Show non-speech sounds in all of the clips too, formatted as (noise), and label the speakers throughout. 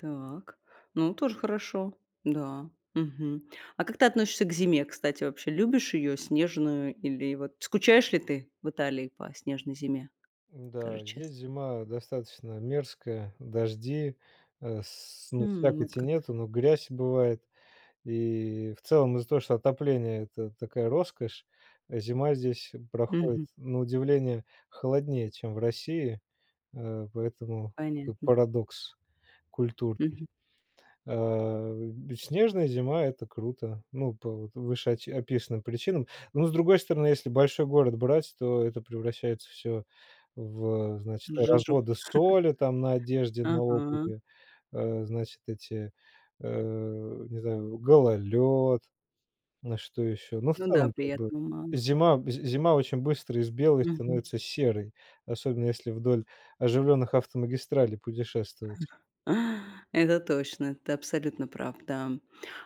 Speaker 1: Так, ну, тоже хорошо, да, мгм. А как ты относишься к зиме, кстати, вообще? Любишь её снежную или, вот, скучаешь ли ты в Италии по снежной зиме? Скажи
Speaker 2: М-да,
Speaker 1: чес
Speaker 2: здесь зима достаточно мерзкая, дожди, э, с ну,
Speaker 1: М, вот
Speaker 2: слякоти
Speaker 1: как.
Speaker 2: нету, но грязь бывает. И в целом из-за того, что отопление- это такая роскошь, зима здесь проходит
Speaker 1: Мгм.
Speaker 2: на удивление холоднее, чем в России, э, поэтому такой
Speaker 1: Понятно.
Speaker 2: парадокс культурный.
Speaker 1: Мгм.
Speaker 2: Э, снежная зима- это круто. Ну, по вот вышеоч описанным причинам. Но, с другой стороны, если большой город брать, то это превращается всё в, э, значит,
Speaker 1: Жижу.
Speaker 2: разводы
Speaker 1: (chuckles)
Speaker 2: соли там на одежде, на
Speaker 1: Ага.
Speaker 2: обуви, э, значит, эти, э, не знаю, гололёд, ну, что ещё. Ну, в
Speaker 1: Ну да,
Speaker 2: целом, как бы
Speaker 1: приятного мало.
Speaker 2: зима, з зима очень быстро из белой
Speaker 1: Мгм.
Speaker 2: становится серой. Особенно если вдоль оживлённых автомагистралей путешествовать.
Speaker 1: (chuckles) Это точно, ты абсолютно прав, да.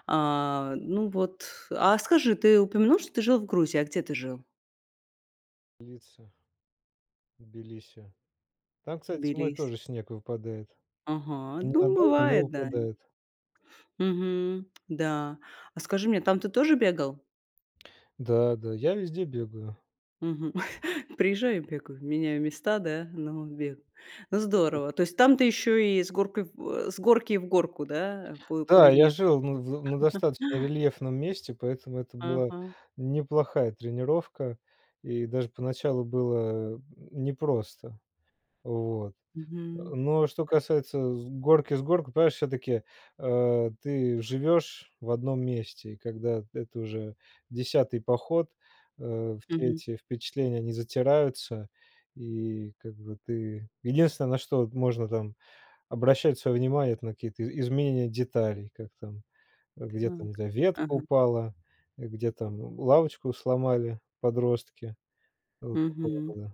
Speaker 1: А, ну вот, а скажи, ты упомянул, что ты жил в Грузии, а где ты жил?
Speaker 2: Лица. Тбилиси. Там, кстати, зимой
Speaker 1: Тбилиси.
Speaker 2: тоже снег выпадает.
Speaker 1: Ага, ну
Speaker 2: Ненадолго, но
Speaker 1: бывает, да.
Speaker 2: выпадает.
Speaker 1: Мгм, да. А скажи мне, там ты тоже бегал?
Speaker 2: Да да, я везде бегаю.
Speaker 1: Мгм. (chuckles) Приезжаю и бегаю, меняю места, да? Ну, бега Ну, здорово. То есть там ты ещё и с горкой в, э, с горки в горку, да? По по
Speaker 2: Да, я
Speaker 1: рельефу.
Speaker 2: жил на, в на
Speaker 1: (chuckles)
Speaker 2: достаточно рельефном месте, поэтому это была
Speaker 1: Ага.
Speaker 2: неплохая тренировка. И даже поначалу было н непросто. Вот. Э,
Speaker 1: Мгм.
Speaker 2: но что касается с горки в горку, понимаешь, всё-таки, э, ты живёшь в одном месте. Когда это уже 10-й поход, э, все
Speaker 1: Мгм.
Speaker 2: эти впечатления, они затираются, и как бы ты Единственное, на что можно там обращать своё внимание, это на какие-то и изменения деталей, как там, где там, не
Speaker 1: Так,
Speaker 2: знаю, ветка
Speaker 1: ага.
Speaker 2: упала, где там лавочку сломали подростки, вот такого
Speaker 1: Мгм.
Speaker 2: рода.